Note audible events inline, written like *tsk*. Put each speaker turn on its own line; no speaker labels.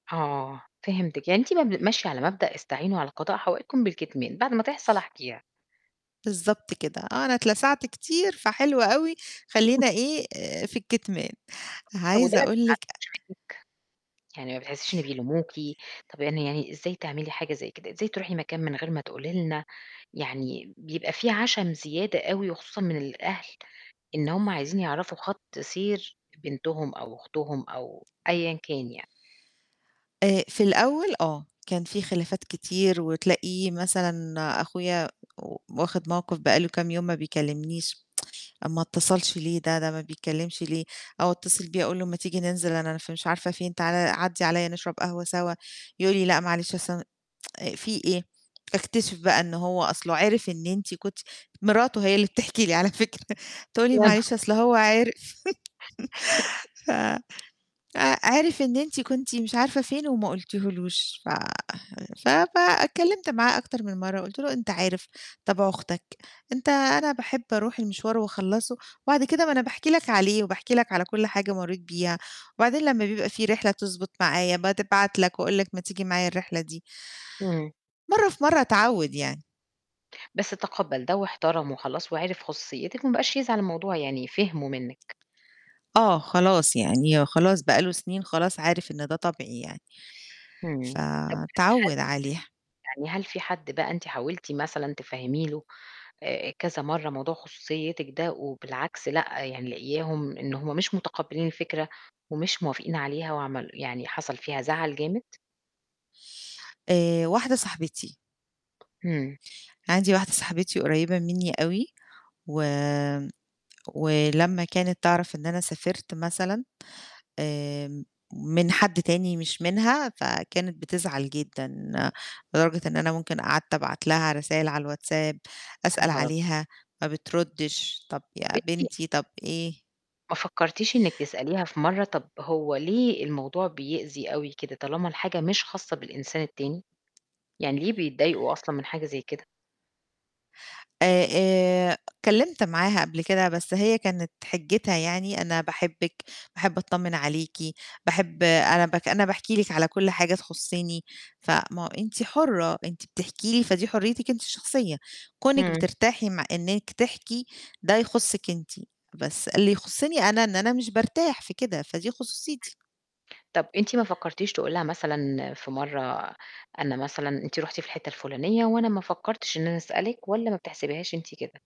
آه، فهمتِك، يعني أنتِ ما ب ماشية على مبدأ "استعينوا على قضاء حوائجكم بالكتمان" بعد ما تحصل أحكيها.
بالضبط كده، آه أنا اتلسعت كتير فحلو أوي
*chuckles*
خلّينا إيه، آآ في الكِتمان.
طب وده
عايزة أقول لِك آآ
*unintelligible* يعني ما بتحسيش إن بيلوموكِ، طب يعني يعني إزاي تعملي حاجة زي كده، إزاي تروحي مكان من غير ما تقولي لنا، يعني بيبقى في عَشَم زيادة أوي، وخصوصًا من الأهل إن هُم عايزين يعرفوا خَط سير بنتهم أو أختهم أو أيًا كان يعني.
آآ في الأول آه، كان في خلافات كتير وتلاقي مثلًا أخويا و واخِد موقِف بقى له كام يوم ما بيكلّمنيش، *tsk* ما اتصلش ليه ده؟ ده ما بيتكلّمش ليه؟ أو اتصل بيه أقول له ما تيجي ننزل أنا ف مش عارفة فين تعالَ عدّي عليَّ نشرب قهوة سوا، يقول لي: "لأ، معلش أصل أنا" *tsk* في إيه؟ أكتشف بقى إن هو أصله عرف إن أنتِ كنتِ مراته هي اللي بتحكي لي على فكرة تقول لي:
وأنا.
"معلش أصل هو عِرِف."
*chuckles*
*laughs* ف ع عرف إن أنتِ كنتِ مش عارفة فين وما قُلتيهولوش ف ف فاتكلّمت معاه أكتر من مرّة وقُلت له أنت عارف طبع أختك، أنت أنا باحب أروح المشوار وأخلّصه، وبعد كده ما أنا باحكي لك عليه وباحكي لك على كل حاجة مرّيت بيها وبعدين لمّا بيبقى في رحلة تضبط معايا بتبعت لك وأقول لك ما تيجي معايا الرحلة دي.
إمم.
مرّة في مرّة اتعوّد يعني.
بس تقبّل ده واحترمه وخلاص وعرف خصوصيتِك ما بقاش يزعل، الموضوع يعني فِهمه منِك.
آه، خلاص، يعني خلاص بقى له سنين خلاص عارف إن ده طبعي يعني.
امم. طب
فاتعوّد
*unintelligible*
عليها.
يعني هل في حد بقى أنتِ حاولتِ مثلًا تفهّمي له آآ كذا مرّة موضوع خصوصيتِك ده وبالعكس لأ، يعني لاقياهم إن هُم مش مُتقبلين الفكرة ومش موافقين عليها وعمل يعني حصل فيها زَعَل جامد؟
آآ واحدة صاحبتي.
امم.
عندي واحدة صاحبتي قريّبة منّي أوي وامم، ولمّا كانت تعرف إن أنا سافرت مثلًا آآ م من حد تاني مش منها فكانت بتزعل جدًا، لدرجة إن أنا ممكن قعدت أبعت لها رسايل على الWhatsApp،
يا
أسأل
نهار أب
عليها، ما بتردّش، طب
طب
يا
أنتِ
بنتي، طب إيه؟
ما فكرتيش إنِك تسأليها في مرّة طب هو ليه الموضوع بيأذي أوي كده طالما الحاجة مش خاصة بالإنسان التاني؟ يعني ليه بيتضايقوا أصلًا من حاجة زي كده؟
آآ آآ اتكلّمت معاها قبل كده بس هي كانت حجّتها يعني أنا باحبِك، باحب أتطمِن عليكِ، باحب أنا باك أنا باحكي لِك على كل حاجة تخصني، فما هو أنتِ حُرة، أنتِ بتحكي لي فدي حريتِك أنتِ الشخصية، كونِك
إمم.
بترتاحي م إنِّك تحكي ده يخصِك أنتِ، بس اللي يخصني أنا إن أنا مش بارتاح في كده، فدي خصوصيتي.
امم. طب أنتِ ما فكرتيش تقولي لها مثلًا في مرّة أنا مثلًا أنتِ رُحتِ في الحتة الفُلانية وأنا ما فكرتش إن أنا أسألِك والّا ما بتحسبيهاش أنتِ كده؟